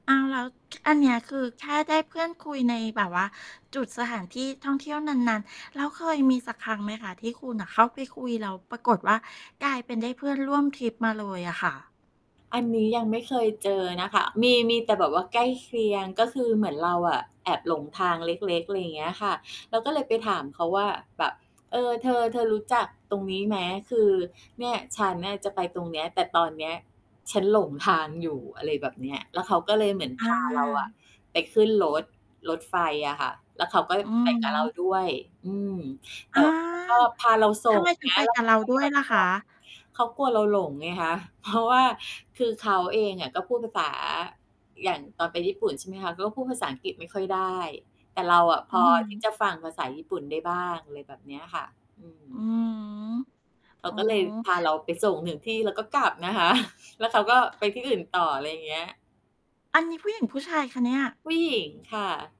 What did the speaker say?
อ้าว! แล้ว อันเนี้ย คือแค่ได้เพื่อนคุยในแบบว่าจุดสถานที่ท่องเที่ยวนาน ๆ แล้วเคยมีสักครั้งไหมคะที่คุณน่ะเข้าไปคุยแล้วปรากฏว่า กลายเป็นได้เพื่อนร่วมทริปมาเลยอะค่ะ? อันนี้ยังไม่เคยเจอนะค่ะ มี มีแต่แบบว่าใกล้เคียง ก็คือเหมือนเราอะ แอบหลงทางเล็ก ๆ อะไรอย่างเงี้ยค่ะ เราก็เลยไปถามเขาว่าแบบ "เอ่อ เธอ เธอรู้จักตรงนี้ไหม คือเนี่ย ฉันเนี่ยจะไปตรงเนี้ยแต่ตอนเนี้ยฉันหลงทางอยู่" อะไรแบบเนี้ย แล้วเขาก็เลยเหมือน อพาเรา อะา ไปขึ้นรถ รถไฟอะค่ะ แล้วเขาก็อืไอปกฮับเราึ ด้วย อืม แอต่ า ว่าเขาก็ พาเราสทำ่งไมถึเงงีไ้ปย แล้กวัเบขเาราก็ดห้ยวยอดล่ะหมควะ? ก เขากลัวเราหลงไงคะ เพราะ ว่า คือเขาเองอะ ก็พูดภาษา อย่างตอนไปญี่ปุ่น ใช่ไหมคะ ก็พูดภาษาอังกฤษไม่ค่อยได้ แต่เราอะพอืออฮที่ึ จะฟังภาษาญี่ปุ่นได้บ้าง อะไรแบบเนี้ยค่ะ อืม อืม เขอา๋อ ก็เลยพาเราไปส่งถึงที่ แล้วก็กลับนะ คะ แล้วเขาก็ไปที่อื่นต่อ อะไรอย่างเงี้ย อันนี้ผู้หญิงผู้ชายคะเนี่ย? ผู้หญิงค่ะ